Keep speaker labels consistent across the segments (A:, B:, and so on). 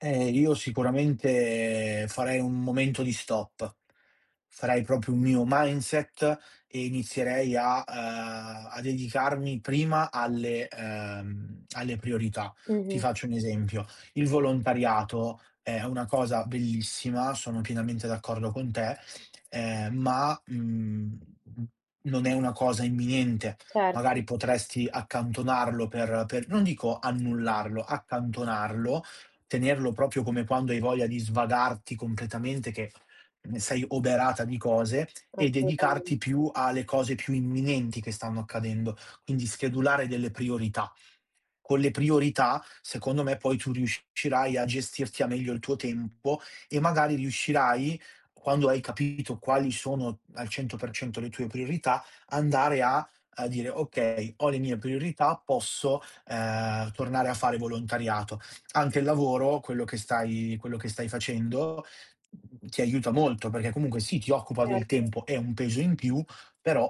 A: Eh, io sicuramente farei un momento di stop. Farei proprio un mio mindset e inizierei a uhm, a dedicarmi prima alle ehm, alle priorità. Ti
B: Mh-mh.
A: faccio un esempio: il volontariato è una cosa bellissima, sono pienamente d'accordo con te, ehm, ma, mhmm, non è una cosa imminente.
B: Certo.
A: Magari potresti accantonarlo per per non dico annullarlo, accantonarlo, tenerlo proprio come quando hai voglia di svagarti completamente che n sei oberata di cose e
B: Assolutamen
A: dedicarti più alle cose più imminenti che stanno accadendo, quindi schedulare delle priorità. Con le priorità secondo me poi tu riuscirai a gestirti al meglio il tuo tempo e magari riuscirai, quando hai capito quali sono al 100% le tue priorità, andare a a dire: "Okay, ho le mie priorità, posso, ehm, tornare a fare volontariato." Anche il lavoro, quello che stai quello che stai facendo, mhmm, ti aiuta molto, perché comunque sì, ti occupa del
B: Erto.
A: tempo, è un peso in più, però,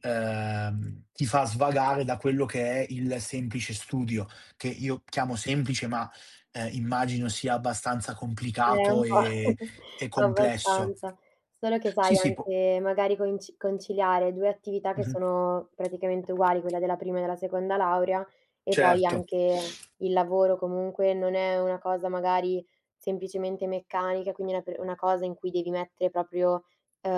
A: ehm, ti fa svagare da quello che è il semplice studio, che io chiamo semplice, ma, uhm, immagino sia abbastanza
B: Q eh,
A: complicato
B: un po'.
A: e e complesso.
B: Abbastanza. Solo che sai,
A: Sì, sì, può
B: anche magari coinci conciliare 2 attività che
A: Mh-mh.
B: sono praticamente uguali, quella della prima e della seconda laurea e poi
A: Certo.
B: anche il lavoro, comunque non è una cosa magari semplicemente meccanica, quindi una pe cosa in cui devi mettere proprio, uhm,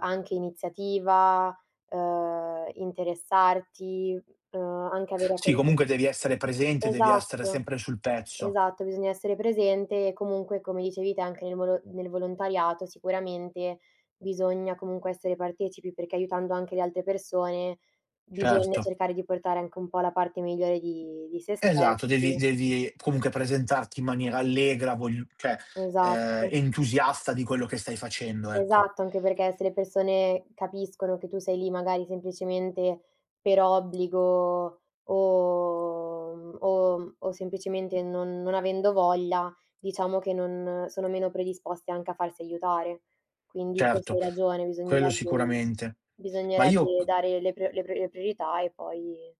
B: anche iniziativa, uhm, interessarti, uhm, anche avere a
A: Sì,
B: con
A: comunque devi essere presente, devi essere
B: Esatto,
A: sempre sul pezzo.
B: esatto, bisogna essere presente e comunque, come dicevi te, anche nel volo nel volontariato sicuramente bisogna comunque essere partecipi, perché aiutando anche le altre persone bisogna
A: Certo.
B: cercare di portare anche un po' la parte migliore di di sé
A: Esatto, devi
B: stessi.
A: devi comunque presentarti in maniera allegra, voglio cioè, ehm,
B: Esatto.
A: entusiasta di quello che stai facendo, ecco.
B: Esatto, anche perché se le persone capiscono che tu sei lì magari semplicemente per obbligo o mhmm, o mhmm, o semplicemente non non avendo voglia, diciamo che non sono meno predisposte anche a farsi aiutare. Quindi forse
A: Certo,
B: hai ragione,
A: quello
B: bisognerebbe
A: sicuramente. Ma io
B: bisognerebbe dare le prio le prio le priorità e poi